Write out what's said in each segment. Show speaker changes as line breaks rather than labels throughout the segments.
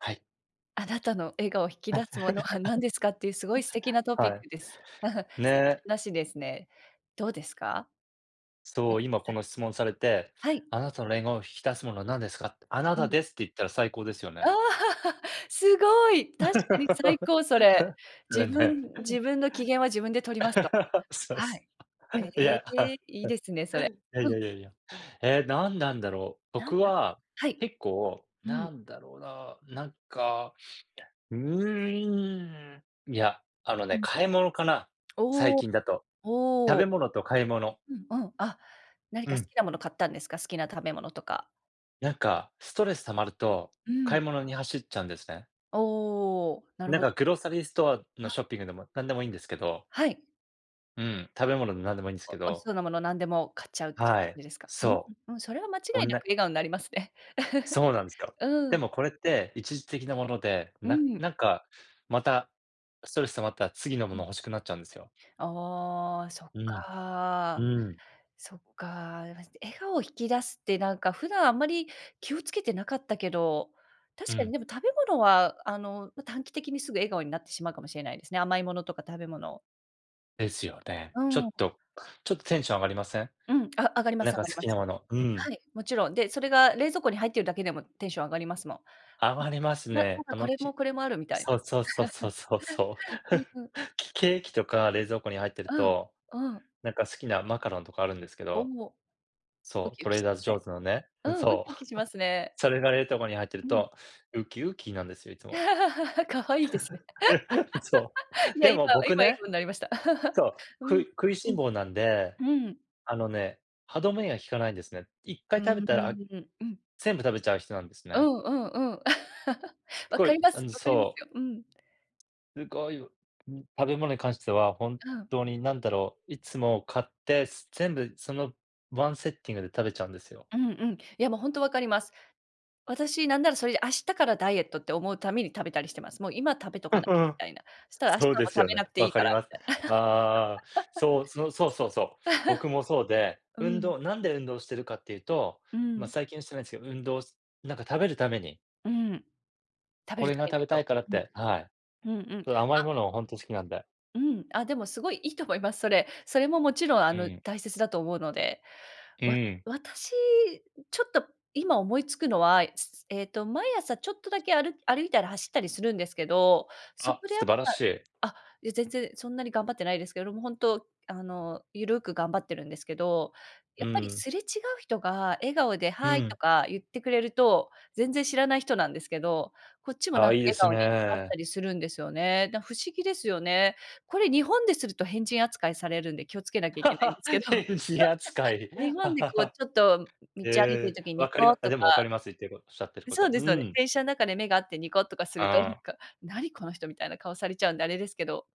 はい。
あなたの笑顔を引き出すものは何ですかっていうすごい素敵 なトピッ
はい。
クです。
ね。
なしですね。どうですか？な
そ
ん
う、今こ
さっき
の質問されて、
はい。
「あなたのれんおを引き出すものは何ですか？」って、「あな
う
た
ん。
です」って言ったら最高ですよね。
ああ、すごい。確かに最 高、それ。
れ
「自分
ね。
自分の機嫌は自分で取ります」と。
そう、
は
そ
い。え
う。いや、
え、
い
いいですね、それ。
やい
うん。
やいやいや。ええ、何なんだろう。
なんなん
僕
しょ
は、
はい。
結構、
うん。
何だろうな、なんか、うーん、いや、あの
う
ね、
ん。
買い物かな。最
おお
近だと。食
おお。
べ物と買い物。
うんうん、あ、何
う
か好
ん。
きなもの買ったんですか？好きな食べ物とか。
なんか、ストレス溜まると、
う
買い
ん。
物に走っちゃうんですね。
おお、なる
なん
ほ
かグローサリーストアの
あ。
ショッピングでも何でもいいんですけど。
はい。
うん、食べ物でなんでもいいんです
お
け
美味し
ど。
そうなもの何でも買っちゃうって
はい、
いう ですか？うん
そ
うんうん、それは間違
う。オ
い
ン
なく
ラ
笑顔んなりますね。
そうなんですよ。
う
で
ん。
もこれって一時的なもので、
う
な
ん。
なんか、また、ストレス溜まったら次のも
う
の
ん。
欲しくなっちゃうんですよ。
ああ、そっ
うん、
か。
うん。
そっか、いや、まじで笑顔を引き出すってなんか普段あんまり気を付けてなかったけど、
う
確かに
ん。
でも食べ物は、あの、ま、短期的にすぐ笑顔になってしまうかもしれないですね、甘いものとか食べ物。
ですよね。
う
ちょ
ん。
っとちょっとテンション上がりません？
うん、あ、上がりま
な
す、
ん
上
か
がり
好
ま
きな
す。
ものうーん。
はい、もちろん。で、それが冷蔵庫に入ってるだけでもテンション上がりますもん。ん。
余ります
ななん
ね。あ
かこ
の、
れも
ち
これもあるみたい
そ
な。
うそうそうそうそうそう。
うん うん。
きケーキとか冷蔵庫に入ってる
うん、
と、
うん。
なんか好きなマカロンとかあるんですけ
お
ど、
お、ウ
そう、
キウキし
Trader
ますね。
Joe's のね、
う
うん、
ん、ウ
そう。
キウ キしますね。
それが冷凍庫に入ってる
うん。
と、ウキウキなんですよいつも。
可愛いですね。
そ
い
う。
や、
で
今
も僕
今あい
ね
こになりました。
そう、
う
く
ん。
い食いし
う
ん
ん。
坊なんで、
うん。
あのね、歯止めが効かないんですね。いっか
う
い
ー
食べたら、あ
ん、うん。
全部食べちゃう人なんです
う
ね。
んうんうん。
す
分
ご
か
い、
りま
あ
す、
の
分かります
そう。
よ。うん。
すごい、う、ん、食べ物に関してはほん
うん。
とに何だろう、いつも、買って全部、その、ワンセッティングで食べちゃうんですよ。
うんうん。いや、もう、ほんとわかります。私なんならそれで明日からダイエットって思うために食べたりしてます。もう今食べと
うん
かなきゃ
う
み
ん。
たいな。したら明日
そうです
も食
よ
べ
ね。
なくて
わ
いい
か
か
り
ら
ます。
みたいな。
ああ、そう、そのそうそうそう。僕もそう で、運
うん。
動なんで運動してるかっていうと、
う
ま、
ん。
最近してないんですけど、運動なんか食べるために。
うん。食べ
こ
る食
れが
べ
食
る
べた
と。
いからっ
うん。
て、はい。
うんうん。
甘い
あ
ものを本当好きなんで。
うん、あ、でも、すごい良いと思います、それ。それももちろん、あ
う
の、
ん。
大切だと思うので。
う
わ
ん。
私、ちょっと今思いつくのは、えっと、毎朝ちょっとだけ、ある歩いたり走ったりするんですけど、そ
あ、
こでや
素
っ
晴らしい。
ぱあ、や、全然そんなに頑張ってないですけども、本当、あの、ゆるく頑張ってるんですけど、や
う
っぱり
ん。
すれ違う人が笑顔で
う
ハーイと
ん。
か言ってくれると、全然知らない人なんですけど、こっちも
あ
な
あ、
んか
いいで
笑
す
顔になった
ね。
りするんですよね。だ不思議ですよね。これ日本ですると変人扱いされるんで気をつけなきゃいけないんで すけど。
変人扱い。
日本で、こう、ちょっと
へ
道歩いてる
え。
時に
わ
ニ
かり
コッ
まあ、
と
で
か
も、わかります言ってるこおっしゃってるこ
そう
と。う
ですそうです。
ん。
電車の中で目が合ってニコッとかすると、な
あ
ん
あ。
か、何この人みたいな顔されちゃうんであれですけど。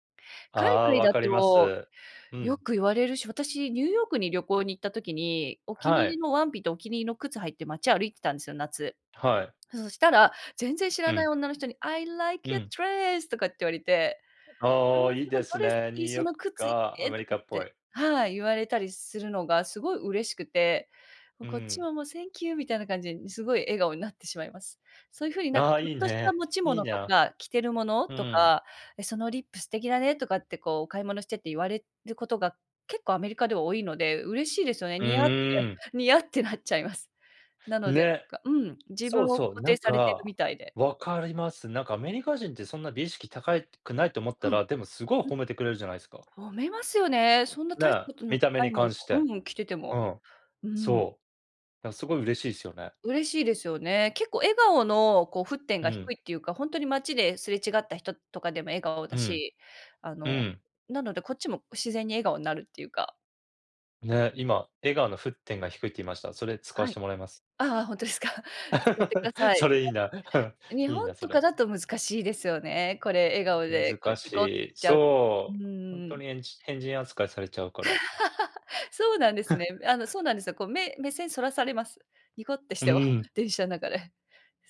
あ
海
あ、
外
わ
だ
かりま
と、
す。う
よ
ん。
く言われるし、私、ニューヨークに旅行に行った時に、お気に
は
入り
い。
のワンピとお気に入りの靴履いて街歩いてたんですよ、夏。
はい。
そしたら、全然知ら
う
ない
ん。
女の人に、I like
う
your
ん。
dress とかって言われて。
あ
わ
あ、
あ、
いい
そ
で
のド
す
レス
ね。
い
ニュ
い、
ー
そ
ヨー
の
ク
靴い
か
い
ア
ね
メ
と
リ
か
カ
っ
っぽ
て
い。
はい、言われたりするのがすごい嬉しくて、もう
う
こっち
ん。
はもう Thank you みたいな感じですごい笑顔になってしまいます。そういうふうになんか
ああ、
ちょ
い
っ
い
とした
ね、
持ち
いい
物と
な。
か着てるもの
う
と
ん。
か、え、そのリップ素敵だねとかって、こう、お買い物してて言われることが、結構アメリカでは多いので、嬉しいですよね。
う
ニヤっ
ーん。
て、ニヤってなっちゃいます。なので、
ね。
なんか、うん、自分
そう
を
そう、
肯
な
定
ん
されてる
か、
みたいで。
わかります。なんかアメリカ人ってそんな美意識高いくないと思った
うん。
ら、でも、すごい
うん。
褒めてくれるじゃないすか。
褒めますよね。そんな
ね
大し
え、
たことな
見た目
い
に
もの
関し
う
て。
ん、着てて
う
も。
ん。
うん。
そう。だからすごい嬉しいですよね。
嬉しいですよね。結構笑顔の、こう、沸点
う
が
ん。
低いっていうか、本当に街ですれ違った人とかでも笑顔だ
うん。
し、あ
う
の、
ん。
なのでこっちも自然に笑顔になるっていうか。
ね、今笑顔の沸点が低いって言いました。それ使わ
は
し
い。
てもらいます。
ああああ、ほんとすか。やってくだ さい。
そ
なん
れいいな。
か 日
いい
本
なそ
と
れ。
かだと難しいですよね、これ、笑顔で、こう、
難
ニ
し
コって
い、
しちゃうと。う
そ
ーん、
う、
う
ほん
んう
と
ん。
にえんじ変人扱いされちゃうから。
そうなんですね。うえあの、そうなんで すよ。こう、目目線そらされます、ニコってし
う
ても、
ーん。
電車ん中で、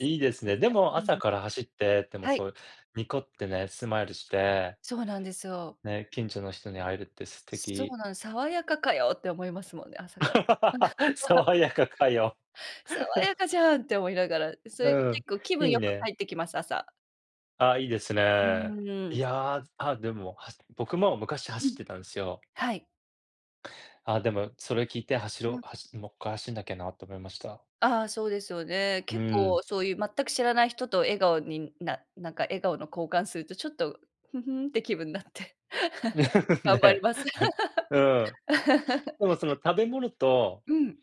いいです
うん、や
ね。でも
うんう
朝
ん。
から走って、でも、
は
そ
い。
う、ニコってね、スマイルして
そうなんですよ。
ね、近所の人に会えるって素
そ
敵。
うなん「爽やかかよ」って思いますもんね、朝から。
爽やかかよ。
「爽やかじ ゃん」って思いながら、それで
うん、
結構気分
いい
良く
ね。
帰ってきます、朝。
あ、いいです
う
ね。
ー
い
ん。
やあ、あ、でもはす僕も昔
う
走っ
ん。
てたんすよ。
はい。
あ、でもそれ聞いて走
う
ろ
ん。
う、はしもっかい走んなきゃなと思いました。
ああ、そうですよね。
う
結
ーん。
構そういう全く知らない人と笑顔にななんか、笑顔の交換するとちょっと、ふふんって気分になって。頑張り
ね、
ます。
なんうん、でもその、食べ物と
うん。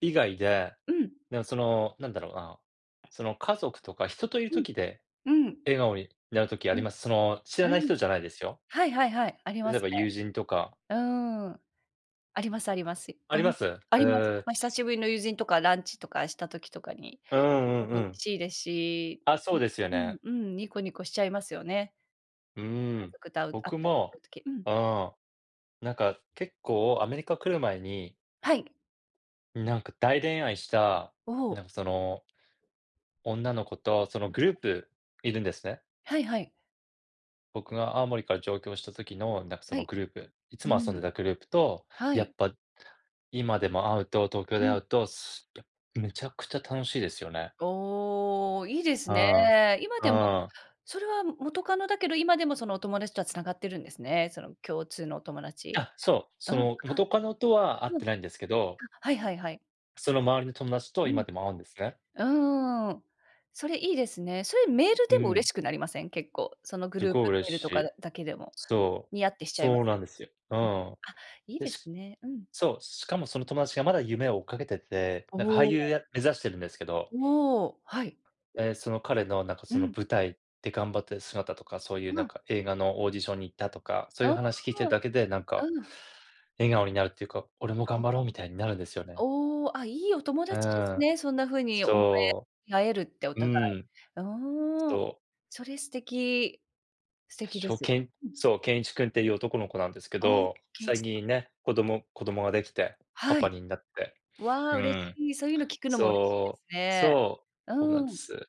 以外で、
うん。
なんそのなんだろうな、その、家族とか人といる
うん。
時で、
うん。
笑顔になる時あ
う
り
ん。
ますその、知ら
う
ない
ん。
人じゃないですよ。
はいはいはい、ありま
例え
す
ば
ね。
友人とか。
うーん。ありますありますし。
あ
あ、
り
う
ま
ん、で
す、う
あります、
ーん、
ま、久
し
しぶりの友人とかランチとかした時とかに、
うー
すご
ん、うん
く
うん。
嬉しいですし、
あ、そ
ね、
うですよ
う
ね。
ん、うん、ニコニコしちゃいますよね。
うー
家
ん、
族と会う会っ
僕
たりす
も、
る時、うん。
ああ、なんか結構アメリカ来る前に
はい。
なんか大恋愛した、
お
な
お。
んかその女の子とそのグ
は
ルー
い。
プいるんですね。
はいはい。
僕が青森から上京した時のなんかそ
は
の
い。
グループ。いつ
う
も遊ん
ん。
でたグループと、
は
や
い。
っぱ今でも会うと東京
う
で会
ん。
うとすぱめちゃくちゃ楽しいですよね。
おお、いいです
うん、
ね。今
う
でも、
ん。
それは元カノだけど今でもそのお友達とは繋がってるんですね。その共通のお友達。
あ、そう。
うん、
そ
あ
の元カノとは会っ
うん。あ、
てないんですけど
はいはいはい。
その周りの友達と
う
今
ん。
でも会うんですね。
うーん、それいいですね。そういうメール
う
でも嬉
ん。
しくなりません？結構。そのグ
す
ループ
ごい
メ
嬉
ール
し
とか
い。
だけでも。
そう、
にやってしちゃいま
そ
す。
うなんですよ。う
うん。
ん。
あ、いい
で、
です
し
ね。うん。
そう、しかもその友達がまだ夢を追っかけてて、なんか俳
お
優
お。
や目指してるんですけど。
おお、はい。
ええ、その彼のなんか
う
その
ん。
舞台で頑張ってる姿とか、そういう
あ
なん
あ。
か映画のオーディションに行ったとか、そう
あ
い
あ、
う話聞いてるだけでなんか
うん。
笑顔になるっていうか、俺も頑張ろうみたいになるんですよ
お
ね。
お。おお、あ、いいお友
う
達です
ん、
ね。そんなふうに思
そ
え合えるって、お
う。う
互い。
ん。
うーん、
そう。
それ素敵。素敵
し
で
ょ
す。
けん
うん。
そう、ケンイチ君っていう男の子なんですけ
ああ、
ど、
ケンイ
最
チさん。
近ね、子供子供ができて、パ
は
パ
い。
になって。
わあ、
う
嬉し
ん。
い。そういうの聞くのも嬉しいで
そ
す
う、
ね。
そう、
う
そうなん
ん。
で
うん
す。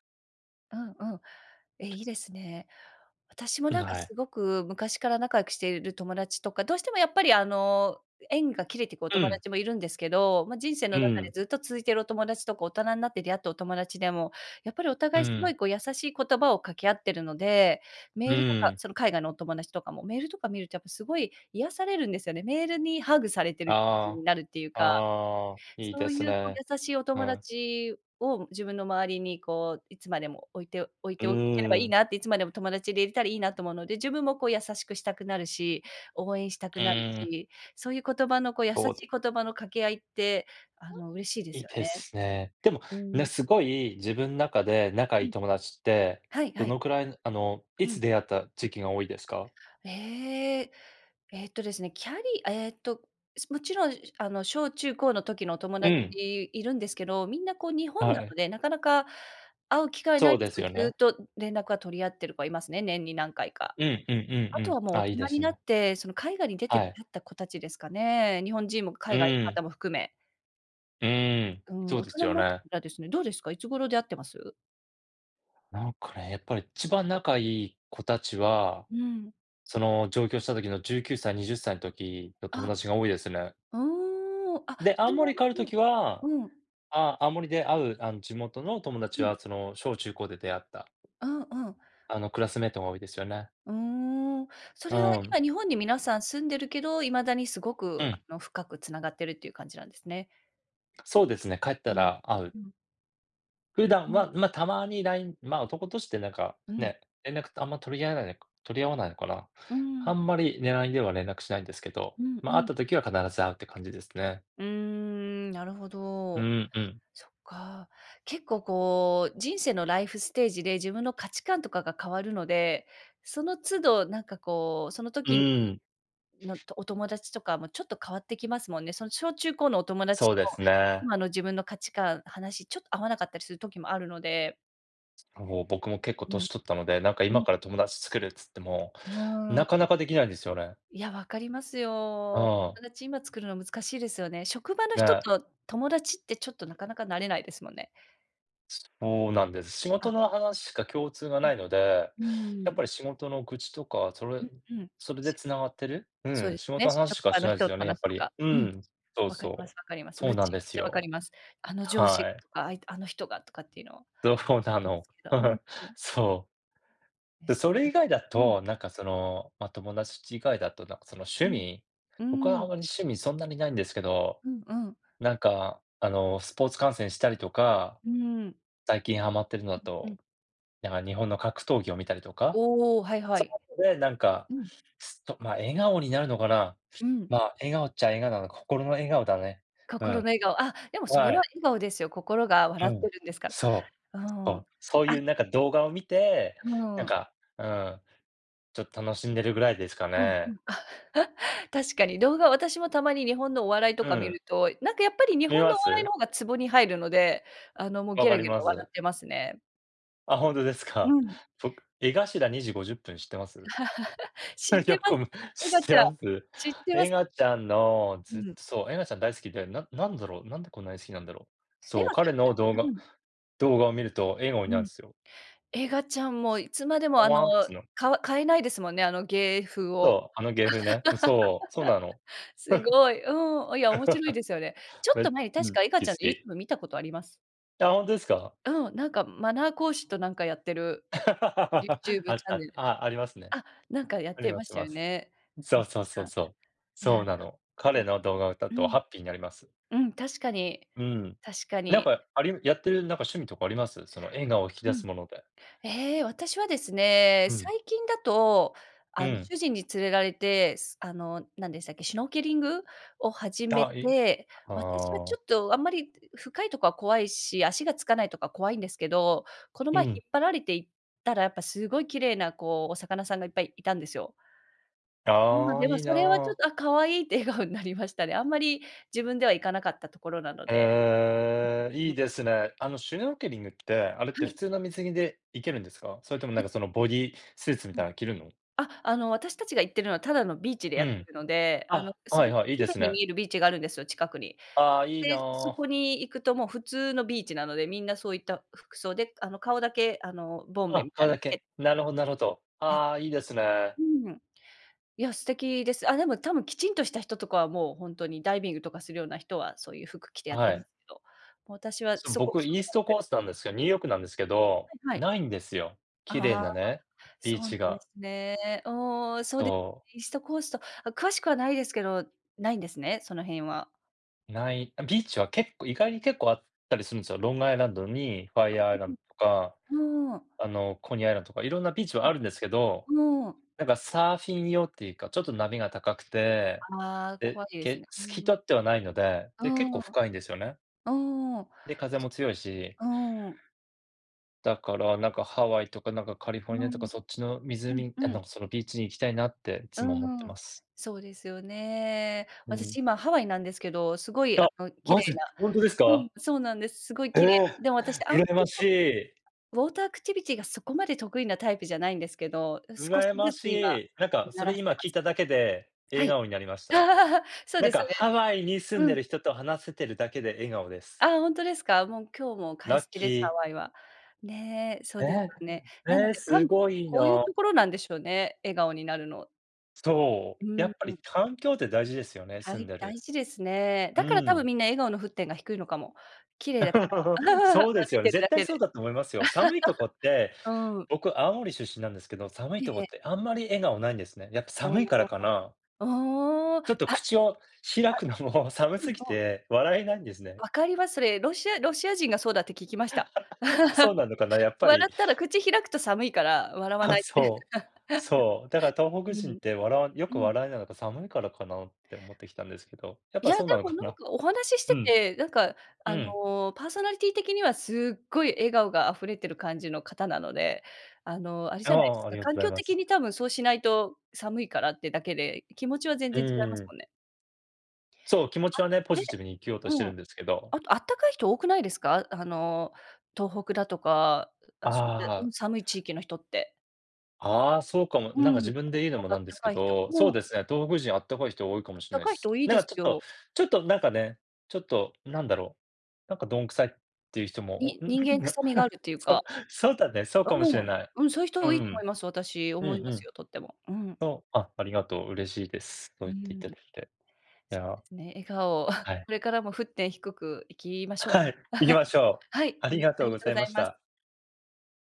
うん。え、いいですね。私も
ん、
なんか
はい。
すごく昔から仲良くしている友達とか、どうしてもやっぱりあの、縁が切れてくお
う
友
ん。
達もいるんですけど、まあ人生の
う
中で
ん。
ずっと続いているお友達とか、大人になって出会ったお友達でも、やっぱりお
う
互いすご
ん。
いこう優しい言葉を掛け合ってるので、メ
う
ールとか
ん。
その海外のお友達とかも、メールとか見るとやっぱすごい癒されるんですよね。メールにハグされてる気持ち
あ
になるっていう
あ、
か。
ああ、いい
そ
で
うい
す
うこう
ね。
優しいお
う
友
ん。
達を自分の周りにこう、いつまでも置いて置い
う
ておけれ
ー
ばいい
ん。
なって、いつまでも友達でいれたらいいなと思うので、自分もこう優しくしたくなるし、応援したく
う
なる
ん。
し、そういう言葉のこう、優し
と、で
い言葉の掛け合いって、あの嬉しいで
ん、良い
すよ
で
ね。
すね。でも、
う
ね、
ん。
すごい自分中で仲良
う
い
ん。
友達って、
はい
ど
はい。
のくらいあの、
う
いつ
ん。
出会った時期が多いですか？
ええ、えっとですね、キャリえっと、すもちろん、しゅあの、小中高の時のお友
う
達
ん。
いるんですけど、みんなこう日本な
はい。
ので、なかなか会う機会な
そ
い
う
で
で
す
す
けど、
よ
ず
ね。
っと連絡は取り合ってる子はいますね、年に何回か。
うんうんう
あ
んう
と
ん。
はもう大
あ、いいで
人に
す
なっ
ね。
て、その海外に出て
は
出
い。
会った子たちですかね。日本人も
う
海外の
ん。
方も含め。
うーん、
うん、
そう
大
です
人に
よ
なってか
ね。
らですね、どうですか？いつ頃出会ってます？
なんかね、やっぱり一番仲いい子たちは
うん。
その、上京した時の19歳20歳の時の友
あ、
達が多いですね。
うん、あ、
で、青
それは
森帰る
あの
時は
うん。うん。
ああ、青森で会うあの、地元の友達
うん。
はその、小中高で出会った
うんうん。
あの、...クラスメイトが多いですよね。
うん。そ
う
れは、
ん。
今日本に皆さん住んでるけど、未だにすご
う
く、あ
ん。
の、深く繋がってるっていう感じなんですね。
そうですね、帰った
うん、
ら会う。
うん。
普
う
段
うん。
は、ま、たまに LINE ま、男同士ってなんか、
うん。
ね、連絡ってあんま取り合わないあか取り合わないから、
うう
あ
ん。
んまりね、LINE では連絡しないんですけど、
うん
ま、
う
会っ
ん。
た時は必ず会うって感じですね。
うーん、なるほ
う
ど。
んうん。
そっか。結構、こう、人生のライフステージで自分の価値観とかが変わるので、その都度、なんか、こう、その
う
時
ん。
のお友達とかもちょっと変わってきますもんね。その小中高のお友達
そ
と、
うですね。
今の自分の価値観、話ちょっと合わなかったりする時もあるので。
おお、僕も結構
うん。
歳取ったので、なんか
う
今
ん。
から友達作るっつっても、
うー
なか
ん。
なかできないんですよね。
いや、わかります
あ
よ。
あ。
友達今作るの難しいですよね。職場の人
ね。
と友達って、ちょっとなかなかなれないですもんね。
そうなんです。仕事
あ。
の話しか共通が
う
無
ん。
いので、
う
やっ
ん。
ぱり仕事の愚痴とか、それ
うん、うん。
それ
し
で
が
繋がってる。
そう
う
で
ん、
す
仕
ね、
事の話し
職
か
場
して
の
ないで
人
す
と
よね、やっ
話す
ぱ
と
り。
か。
う
うん。
ん。そう
分かりま
そう。
す分かります。
そう
愚
なん
痴
で
めっ
す
ちゃ分かり
よ。
ます。あの上司
は
が
い。
とか、ああの人がとかっていうのを、
どう
あり
な
ま
の。
すけど。うん うん。
そう。で、そ
そう
れ
です
以外だ
ね、うん。
と、なんかその、ま、友達以外だと、なんかその趣
うん。
味
う
僕は
ー
あ
ん。
んまり趣味そんなに無いんですけど、
うんうん。
なんか、あの、スポーツ観戦したりとか、
うん。
最近ハマってるのだ
うんう
と、
ん。
なんか日本の格闘技を見たりとか。
おお、はいは
そ
い。
ういうので、なんか、
うん。
すと、ま、笑顔になるのかな？
うん。
ま、笑顔っちゃ笑顔なのか。心の笑顔だね。う
心
ん。
の笑顔。あ、でもそれ
は
は
い。
笑顔ですよ。心が
う
笑っ
ん。
てるんですから。
そ
う
う。そ
ん。
う。そう
あ
いうなんか動画を見て、
う
なん
ん。
か、うん、ちょっ楽しんでるぐらいですか
うんう
ね。
ん。確かに、動画、私もたまに日本のお笑いと
う
か見
ん。
ると、なんかやっぱり日
見
本
ま
のお笑い
す？
の方がツボに入るので、あのもう
分
ゲ
か
ラ
り
ゲ
ま
ラ笑
す。
ってますね。
あ、本当です
う
か。
ん。
僕江頭2:50知ってます？
知っ て
よく
ます、
こむ
エガ
知って
ちゃん、
ます？
知ってま
エ
す。
ガちゃんの
う
ずっと、
ん。
そう、エガちゃん大好きで、ななんだろう、なんでこんなに好きなんだろう。
エ
そう、
ガち
彼の動
ゃん
画
うん。
動画を見ると笑顔にな
う
るん
ん。
すよ。
エガちゃんもいつまでも
ほ
あの
わんっつの。
かわ変えないですもんね、あの芸風を。
そう、あの芸風ね、そう、そうなの。
すごい、うん、おや面白いですよあれ。ちょっと 前に
う
確
ん、
かエガ
き、
ち
好
ゃんの
き。
YouTube 見たことあります。
あ、本当ですか。
うん、なんかマナー講師となんかやってる
あ
Youtube
っ
チャン
た、
ネル。
あ、ありますね。
あ、なんかやっ
あり
て
ま
まし
ち
た
ま
よ
す。
ね。
そ
エガ
うそう
ち
そ
ゃ
う
ん。
そう。
いや、
そうなの。
いや。
彼の動画を歌う
う
と
ん。
ハッピーになります。
うん、確かに、
うん。
確か
なん
に。
か、ありやってるなんか、趣味とかあります？その映画を引き
う
出
ん。
すもので。
え、私はですね、
うん。
最近だと、
う
あの、
ん。
主人に連れられて、すあの、なんでしたっけ、シュノーケリングを始め
あ、い
て、
あ
私はちょ
あ。
っとあんまり深いとこは怖いし、足がつかないとか怖いんですけど、この
う
前
ん。
引っ張られて行ったらやっぱすごい綺麗なこう、お魚さんがいっぱいいたんですよ。うん、
ああ、
でも
いい
それはちょっ
な。
とあ、可愛いって笑顔になりましたね。あんまり自分では行かなかったところなので。
へえ、いいですね。あの、シュノーケリングって、あれって
は
普
い。
通の水着でいけるんですか？それともなん
ふ
かそのボディースーツみ
う
た
ん。
いなの着るの？
あ、あの、私たちが行ってるのはただのビーチで
う
やって
ん。
るので、あの、
あ、
す
はい
ごく
はい、いい
綺
で
麗
す
に
ね。
見えるビーチがあるんですよ、近くに。
ああ、いい
で、そ
な。
こに行くともう普通のビーチなので、みんなそういった服装で、あの、顔だけあの、ボンベ
あ、
みた
顔
いな
だ
つけ
け。なるほど、なるほど。
や
ああ、いいですね。
うん。いや素敵です、あ、でも多分きちんとした人とかはもう本当にダイビングとかするような人は、そういう服着てやっ
は
てます
い。
けど、もう私は
その、
そこ
僕
そ
イ
こ
ース
なの
ト
で。
コースなんすけ、ニューヨークなんですけど、
はいはい。
ないんですよ。綺麗
ああ、
なね、
そ
ビー
うなん
チ
で
が。
すね。お、そうですね、
とう。
イーストコースト。詳しくはないですけど、ないんですね、その辺は。
ない、あ、ビーチは結構意外に結構あったりするんすよ。ロングアイランドにファ
あ、
イアーアイランドとか、
うんうん。うーん。
あの、コニーアイランドとか色んなビーチ
う
はあるんですけど、
ん。うーん。
なんかサーフィン用っていうか、ちょっと波が高くて、
ああ、
で、
怖いですね。
け
う
透き
んう
通
ん。
ってはないので、
あ
で結構
あ。
深いんですよね。
うーん、そ。
で、風も強いし
うーん。
だからなんかハワイとかなんかカリフォル
う
ニアと
ん。
かそっちの
うん
湖あ
うん。
の、その、ビーチに行きたいなってい
う
つも思って
ー
ま
ん、
す。
そうですよね。
う
私
ん。
今ハワイなんですけど、すごい、あ
あ、
の、綺
マ
麗
ジ、
な
ほんとです
うん、
か。
そうなんです。すごい
え
綺麗
え、
な。でも私あんま
羨ま
り
し
こ
い。
う、ウォーターアクティビティがそこまで得意なタイプじゃないんですけど、少し
羨ま
ず
し
つ今
い、なんかそ
慣
れ
らして
今
ま
聞い
す。
ただけで、
は
笑
い。
顔になりました。
そう
なん
です
かハ
ね。
ワイに住ん
う
で
ん。
る人と話せてるだけで笑顔です。
ああ、ほんとですか？もう、今日も快
ラッ
晴
キ
です、ハ
ー。
ワイは。ね、そ
え
うです
え、
ね。なの
ええ、
で、多
す
分
ごい
こういう
な。
ところなんでしょうね、笑顔になるの。
そう、
う
や
ん
っぱ
う
り
ん。
環境って大事ですよね、
は
住ん
い、
で
大
る。
事ですね。
う
だからたぶ
ん。
んみんな笑顔の沸点が低いのかも。綺麗だから、歩
そうです
い
よね。
てる
絶
だ
対
け
そう
で。
だと思いますよ。寒いとこって
うん。
僕、青森出身なんですけど、寒い
ええ
とこ
え
っ
え。
てあんまり笑顔ないんですね。やっぱ
お
寒いから
お、
かな。
おお。ああああ、
ちょっ
て、
と、
あ、あ、
口を開くのも、寒
う
す
ん、
ぎ
そう。
て笑えないんですね。
分かります、それ。ロシアロシア人がそうだって聞きました。
あ、そう なのかな、やっぱ
笑
り。
ったら口開くと寒いから、笑わ
あ、
ないって。
そう。そう。だから東北
う
人っ
ん。
て笑わよ
う
く
ん。
笑えなのか寒いからかなって思ってきたんですけど、やっ
い
ぱ
や、で
そうなの
も
か
なん
な。
かお話しし
う
て
ん。
て、なんか、
う
あ
ん。
の、パーソナリティ的にはすっごい笑顔があふれてる感じの方なので、あの、あれ
あ
じゃないです
あ、あり
か、
がと、
環
ござい
境
ま
的
す。
にたぶんそうしないと寒いからってだけで、気持ちは全
う
然違います
ん。
もんね。
そう、気持ちは
あ、
ね、ポ
ね、
ジティブに生きようとして
う
る
ん。
んですけど。
あとあったかい人多くないですか？あの、東北だとか、う、あ、そういった、う
ああ。
ん、寒い地域の人って。
ああ、そうかも。
う
なんか自
ん、
分で言うの
心
も
があ
な
っ
んで
た
すけ
かい人が、
ど、そ
も
う
う
ですね、東北人あったかい人多いかも
あっ
しれ
た
ない
かい
す。
人多いで
なんか
す
ちょっと、
よ。
ちょっとなんかね、ちょっと何だろう、なんか鈍臭いっていう人も
に
おん
人間
な
臭みがあ るっていう
そ
か
そうだね、そうか
うん
もし
う
れ
ん、
ない。
うん、そういう人
う
多いと思い
ん。
ます。私、
う
思い
ん
ま
う
す
ん。
よ、とっても。うん。
そう、あありがとう、嬉しいです。そう
う
言ってい
ん。
ただけて。い
そう
や。
ですね、笑顔を
は い。
これからも沸点低くいきましょ
は
うか。
い、いき ましょう。
はい、
あ
あ
り
の、
が
あ
とう
りが
ご
と
ざ
ご
い
ざ
ま
い
し
ます。
た。